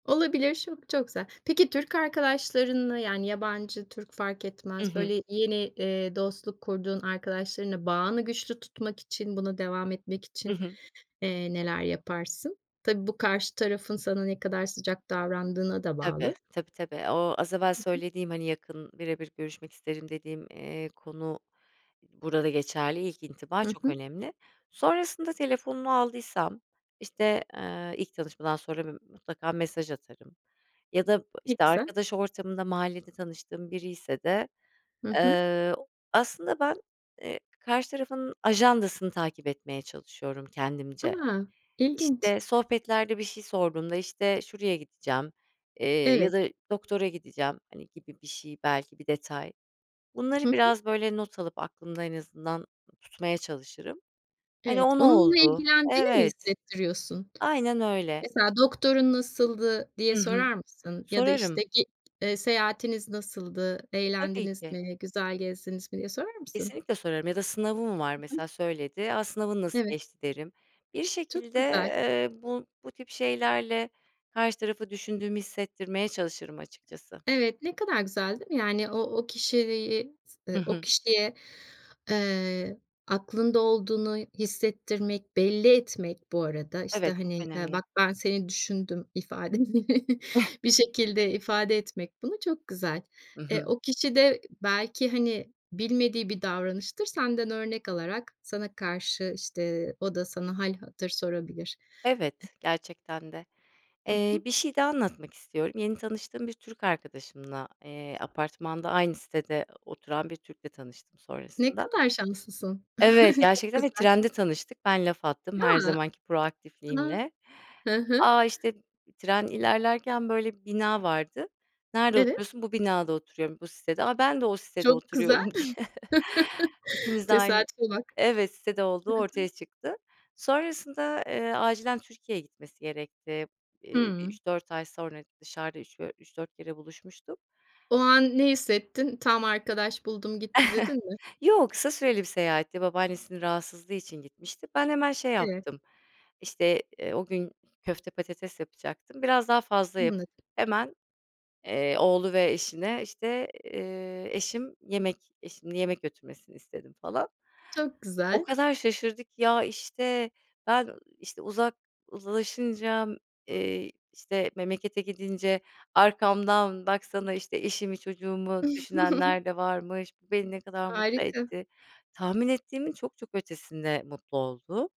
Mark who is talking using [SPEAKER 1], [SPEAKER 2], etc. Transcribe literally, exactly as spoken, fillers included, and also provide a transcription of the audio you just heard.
[SPEAKER 1] Olabilir, şo çok güzel. Peki Türk arkadaşlarınla, yani yabancı Türk, fark
[SPEAKER 2] Hı
[SPEAKER 1] etmez.
[SPEAKER 2] hı.
[SPEAKER 1] Böyle yeni, eee, dostluk kurduğun arkadaşlarınla bağını güçlü tutmak için buna devam etmek
[SPEAKER 2] Hı
[SPEAKER 1] için,
[SPEAKER 2] hı.
[SPEAKER 1] eee, neler yaparsın? Tabii, bu karşı tarafın sana ne kadar sıcak davrandığına da
[SPEAKER 2] Tabii,
[SPEAKER 1] bağlı.
[SPEAKER 2] tabii tabii. O az evvel
[SPEAKER 1] Hı hı.
[SPEAKER 2] söylediğim hani yakın birebir görüşmek isterim dediğim, eee, konu burada geçerli. İlk intiba
[SPEAKER 1] Hı
[SPEAKER 2] çok
[SPEAKER 1] hı.
[SPEAKER 2] önemli. Sonrasında telefonunu aldıysam işte, eee, ilk tanışmadan sonra bir, mutlaka mesaj atarım ya da
[SPEAKER 1] Ne
[SPEAKER 2] işte
[SPEAKER 1] güzel.
[SPEAKER 2] arkadaş ortamında, mahallede tanıştığım biriyse de,
[SPEAKER 1] Hı hı.
[SPEAKER 2] eee, aslında, ben, eee, karşı tarafın ajandasını takip etmeye çalışıyorum kendimce.
[SPEAKER 1] A, ilginç.
[SPEAKER 2] İşte sohbetlerde, bir şey sorduğumda, işte, şuraya gideceğim, eee, ya
[SPEAKER 1] Evet.
[SPEAKER 2] da doktora gideceğim hani gibi bir şey belki bir detay.
[SPEAKER 1] Hı
[SPEAKER 2] Bunları
[SPEAKER 1] hı.
[SPEAKER 2] biraz böyle not alıp aklımda en azından tutmaya çalışırım. Hani,
[SPEAKER 1] Evet.
[SPEAKER 2] o ne
[SPEAKER 1] Onunla
[SPEAKER 2] oldu?
[SPEAKER 1] ilgilendiğini mi
[SPEAKER 2] Evet,
[SPEAKER 1] hissettiriyorsun?
[SPEAKER 2] aynen öyle.
[SPEAKER 1] Mesela "Doktorun nasıldı?" diye
[SPEAKER 2] Hı hı,
[SPEAKER 1] sorar mısın ya da işte
[SPEAKER 2] sorarım.
[SPEAKER 1] "Ge eee seyahatiniz nasıldı,
[SPEAKER 2] Tabii
[SPEAKER 1] eğlendiniz
[SPEAKER 2] ki.
[SPEAKER 1] mi, güzel gezdiniz mi?" diye sorar mısın?
[SPEAKER 2] Kesinlikle sorarım ya da sınavı mı var,
[SPEAKER 1] Hı hı.
[SPEAKER 2] mesela, söyledi, "A sınavın nasıl
[SPEAKER 1] Evet.
[SPEAKER 2] geçti?" derim. Bir
[SPEAKER 1] Çok
[SPEAKER 2] şekilde,
[SPEAKER 1] güzel.
[SPEAKER 2] eee, bu bu tip şeylerle karşı tarafı düşündüğümü hissettirmeye çalışırım açıkçası.
[SPEAKER 1] Evet ne kadar güzel değil mi? Yani o o kişiliği s
[SPEAKER 2] Hı
[SPEAKER 1] ııı, o
[SPEAKER 2] hı.
[SPEAKER 1] kişiye, eee, aklında olduğunu hissettirmek, belli etmek bu arada, işte,
[SPEAKER 2] Evet, çok
[SPEAKER 1] hani, ııı,
[SPEAKER 2] önemli.
[SPEAKER 1] "Bak ben seni düşündüm." ifadeni bir şekilde ifade etmek bunu çok güzel.
[SPEAKER 2] Hı
[SPEAKER 1] Eee,
[SPEAKER 2] hı.
[SPEAKER 1] o kişi de belki, hani, bilmediği bir davranıştır. Senden örnek alarak, sana karşı, işte, o da sana hâl hatır sorabilir. E
[SPEAKER 2] Evet gerçekten de,
[SPEAKER 1] Hı
[SPEAKER 2] eee,
[SPEAKER 1] hı.
[SPEAKER 2] bir şey daha anlatmak istiyorum. Yeni tanıştığım bir Türk arkadaşımla, eee, apartmanda aynı sitede oturan bir Türk'le tanıştım
[SPEAKER 1] Ne
[SPEAKER 2] sonrasında.
[SPEAKER 1] kadar şanslısın.
[SPEAKER 2] Evet,
[SPEAKER 1] Çok
[SPEAKER 2] gerçekten ve
[SPEAKER 1] güzel.
[SPEAKER 2] trende tanıştık. Ben laf attım her
[SPEAKER 1] Ya!
[SPEAKER 2] zamanki
[SPEAKER 1] A!
[SPEAKER 2] proaktifliğimle.
[SPEAKER 1] Hı hı.
[SPEAKER 2] A, işte tren ilerlerken böyle bir bina vardı. "Nerede
[SPEAKER 1] Evet.
[SPEAKER 2] oturuyorsun? Bu binada oturuyorum, bu sitede. A, ben de o sitede
[SPEAKER 1] Çok güzel.
[SPEAKER 2] oturuyorum." diye. İkimiz de aynı,
[SPEAKER 1] Tesadüfe bak.
[SPEAKER 2] evet sitede olduğu
[SPEAKER 1] Hı hı.
[SPEAKER 2] ortaya çıktı. Sonrasında, eee, acilen Türkiye'ye gitmesi gerekti. Eee bir
[SPEAKER 1] Hıı.
[SPEAKER 2] üç üç dört sonra dışarıda üç dö üç dört kere buluşmuştuk.
[SPEAKER 1] O an ne hissettin? Tam arkadaş buldum gitti, dedin mi?
[SPEAKER 2] Yo, kısa süreli bir seyahatti. Babaannesinin rahatsızlığı için gitmişti. Ben hemen şey
[SPEAKER 1] Evet.
[SPEAKER 2] yaptım, işte, eee, o gün köfte patates yapacaktım. Biraz daha fazla
[SPEAKER 1] Anladım.
[SPEAKER 2] yapıp hemen, eee, oğlu ve eşine işte, eee, eşim yemek, eşimin yemek götürmesini istedim falan.
[SPEAKER 1] Çok
[SPEAKER 2] O
[SPEAKER 1] güzel.
[SPEAKER 2] kadar şaşırdı ki, "Ya işte ben işte uzak uzlaşınca, eee, işte memlekete gidince, arkamdan baksana işte eşimi çocuğumu düşünenler de varmış, bu beni ne kadar mutlu
[SPEAKER 1] Harika.
[SPEAKER 2] etti." tahmin ettiğimin çok çok ötesinde mutlu oldu.